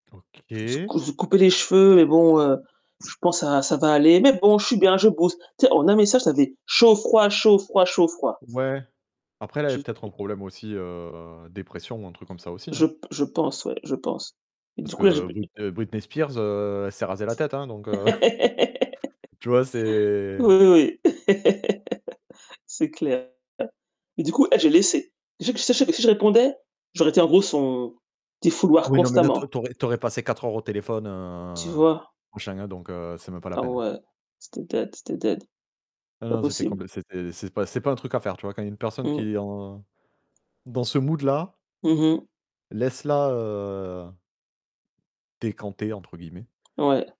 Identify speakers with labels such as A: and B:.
A: Je me suis
B: OK.
A: je me suis coupé les cheveux et bon, heu, je pense ça ça va aller, mais bon, je suis bien, je bosse. Tu sais? En 1 message, ça fait chaud, froid, chaud, froid, chaud, froid.
B: Ouais, après, elle avait
A: Je
B: peut-être un problème aussi, heu, dépression ou un truc comme ça, aussi.
A: Je p je pense, ouais, je pense. Du
B: Parce
A: coup, là, j'ai
B: que Britney Britney Spires, heu, elle s'est rasée la tête, hein, donc heu tu vois? C'est
A: Oui, oui, oui, c'est clair. Mais, du coup, elle, j'ai laissé, si si je rep si je répondais, j'aurais été, en gros, son défouloirs
B: Oui, non, mais là, toi,
A: constamment.
B: tu aurais tu aurais passé 4 heures au téléphone,
A: Tu vois?
B: heu [unintelligible] donc heu, c'est même pas la
A: Ah
B: peine.
A: ouais, c'était dead, c'était dead,
B: Non,
A: pas
B: non, c'était comp
A: possible.
B: c'était c'est pas c'est pas un truc à faire, tu vois? Quand il y a une personne
A: Mmh.
B: qui en dans ce mood là
A: Mmh mh.
B: laisse la, heu «décanter» entre guillemets.
A: Ouais.